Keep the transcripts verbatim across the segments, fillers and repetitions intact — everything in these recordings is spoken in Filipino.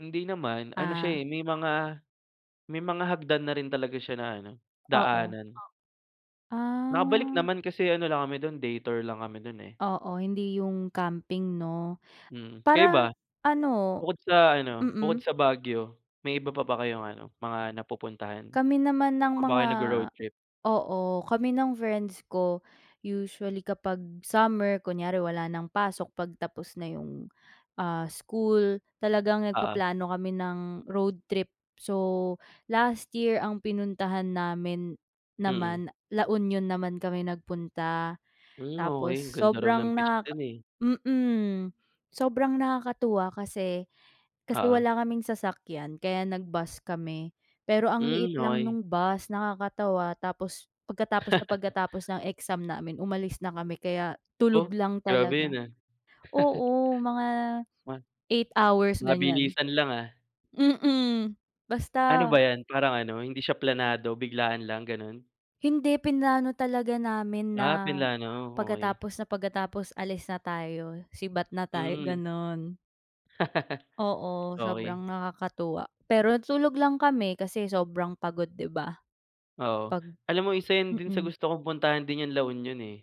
Hindi naman, ano Ah. siya, eh, may mga may mga hagdan na rin talaga siya na ano, Oo. daanan. Nakabalik Ah. naman, kasi ano lang kami do'n day tour lang kami do'n, eh. Oo, hindi 'yung camping 'no, Mm, kayo ba? para, ano Bukod sa ano mm. bukod sa Baguio, may iba pa ba kayong ano, mga napupuntahan? Kami Saan naman ng pa ba mga kayo nagro-road trip? oo, kami ng friends ko usually kapag summer kunyari wala ng pasok, 'pag tapos na 'yung, ah, school, talagang Oo. nagpaplano kami ng road trip. So last year ang pinuntahan namin Mm. naman, La Union naman kami nagpunta. Hmm, Tapos okey, ang ganda raw ng sobrang beach nakaka do'n, eh. mm, sobrang nakakatuwa kasi kasi Oo. wala kaming sasakyan, kaya nag-bus kami, pero ang Hmm, liit lang okey. nung bus nakakatawa. Tapos pagkatapos na pagkatapos ng exam namin, umalis na kami, kaya tulog Oh, lang grabe 'yun, talaga. ah. Oo, mga Wan eight hours ganiyan, mabilisan lang, ah. mm, Ano basta. ba 'yan, parang ano, hindi siya planado, biglaan lang, gano'n? Hindi, plinano talaga namin na Ah, plinano, okey. pagkatapos na pagkatapos, alis na tayo, sibat na tayo, Hmm. gano'n. Oo, Okey. sobrang nakakatuwa, pero natulog lang kami, kasi sobrang pagod, 'di ba, Oo, pag alam mo isa 'yan din sa mm. gusto kong puntahan din 'yung La Union 'yun, eh.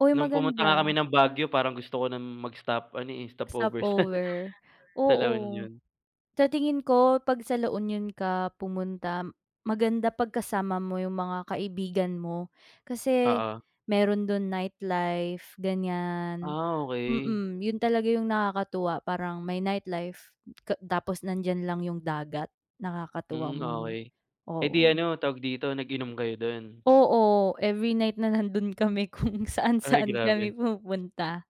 Uy No'ng pumunta nga kami maganda. ng Baguio parang gusto ko ng mag-stop ano, eh, stopover sa Stopover, sa La oo. Union. Sa tingin ko 'pag sa La Union ka pumunta maganda 'pag kasama mo 'yung mga kaibigan mo, kasi Oo. meron do'n nightlife ganiyan, Ah, okey. mm, 'yun talaga 'yung nakakatuwa parang may nightlife ka tapos nandiyan lang 'yung dagat, nakakatuwa Hmm, mga okey. Eh, di oo. ano, tawag dito, nag-inom kayo do'n? Oo, every night na nando'n kami kung Ay, saan-saan grabe. kami pumupunta.